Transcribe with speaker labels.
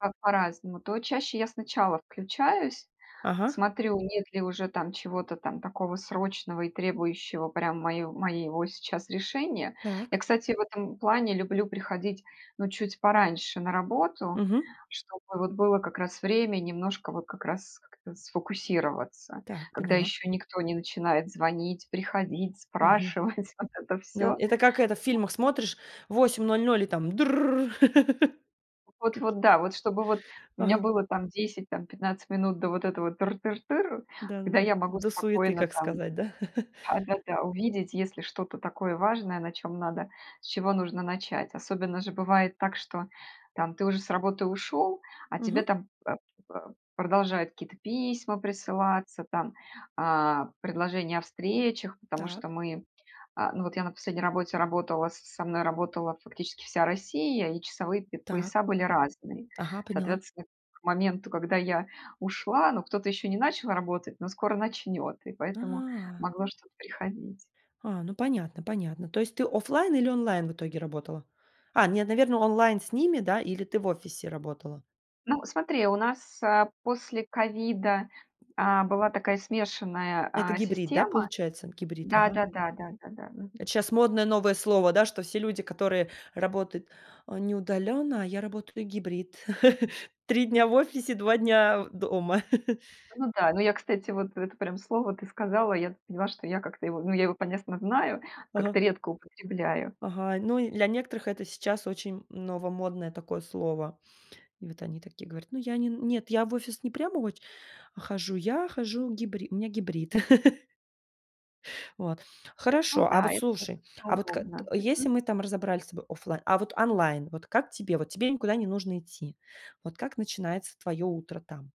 Speaker 1: Так по-разному: то чаще я сначала включаюсь,
Speaker 2: Ага.
Speaker 1: смотрю, нет ли уже там чего-то там такого срочного и требующего прям мой моего сейчас решения. Я,
Speaker 2: Так.
Speaker 1: кстати, в этом плане люблю приходить, ну, чуть пораньше на работу,
Speaker 2: Мгм.
Speaker 1: чтобы, вот, было как раз время немножко, вот, как раз как-то сфокусироваться,
Speaker 2: Так,
Speaker 1: когда
Speaker 2: поняла.
Speaker 1: ещё никто не начинает звонить, приходить,
Speaker 2: Мгм.
Speaker 1: спрашивать вот это
Speaker 2: Ну,
Speaker 1: всё.
Speaker 2: это как это в фильмах смотришь в 8:00, и там дрррр
Speaker 1: Вот
Speaker 2: каки
Speaker 1: вот, да. Вот чтобы вот у меня
Speaker 2: Ага.
Speaker 1: было там 10, там 15 минут до вот этого тыр тыр тыр, когда
Speaker 2: Да-да-да.
Speaker 1: я могу
Speaker 2: До суеты,
Speaker 1: спокойно
Speaker 2: как
Speaker 1: там,
Speaker 2: сказать, да?
Speaker 1: да да да, увидеть, если что-то такое важное, на чем надо, с чего нужно начать. Особенно же бывает так, что, там, ты уже с работы ушел, а тебе
Speaker 2: Мгм.
Speaker 1: там, э, э, продолжают какие-то письма присылаться, там, а предложения о встречах, потому что
Speaker 2: Так.
Speaker 1: мы, а, ну, вот я на последней работе работала, с со мной работала, фактически, вся Россия, и часовые п
Speaker 2: Так.
Speaker 1: пояса были разные.
Speaker 2: Так. Ага, поняла.
Speaker 1: Соответственно, к моменту, когда я ушла, ну, кто-то ещё не начал работать, но скоро начнёт, и поэтому
Speaker 2: А.
Speaker 1: могло что-то приходить.
Speaker 2: А, ну понятно, понятно. То есть ты оффлайн или онлайн в итоге работала? А нет, наверно, онлайн с ними, да, или ты в офисе работала?
Speaker 1: Ну, смотри, у нас, э, после ковида, а, была такая смешанная,
Speaker 2: Это
Speaker 1: а,
Speaker 2: гибрид, да,
Speaker 1: система.
Speaker 2: получается, гибрид,
Speaker 1: Да
Speaker 2: ага.
Speaker 1: да да да да да. Мгм.
Speaker 2: Это щас модное новое слово, да, что все люди, которые работают: "Не удалённо, а я работаю гибрид" 3 дня в офисе, 2 дня дома.
Speaker 1: Ну да, ну я, кстати, вот это прям слово ты сказала, я поняла, что я как-то его, ну, я его, понятно, знаю,
Speaker 2: Ага.
Speaker 1: как-то редко употребляю.
Speaker 2: Ага, ну и для некоторых это сейчас очень новомодное такое слово. И вот они такие говорят: "Ну, я не н нет, я в офис не прям оч а хожу я, хожу гибри у меня гибрид". Вот
Speaker 1: Ну
Speaker 2: хорошо, а
Speaker 1: да,
Speaker 2: вот
Speaker 1: это
Speaker 2: слушай,
Speaker 1: достаточно
Speaker 2: а вот к
Speaker 1: удобно.
Speaker 2: т
Speaker 1: Мгм.
Speaker 2: если мы там разобрали с тобой оффлайн, а вот онлайн, вот как тебе, вот тебе никуда не нужно идти, вот как начинается твоё утро там?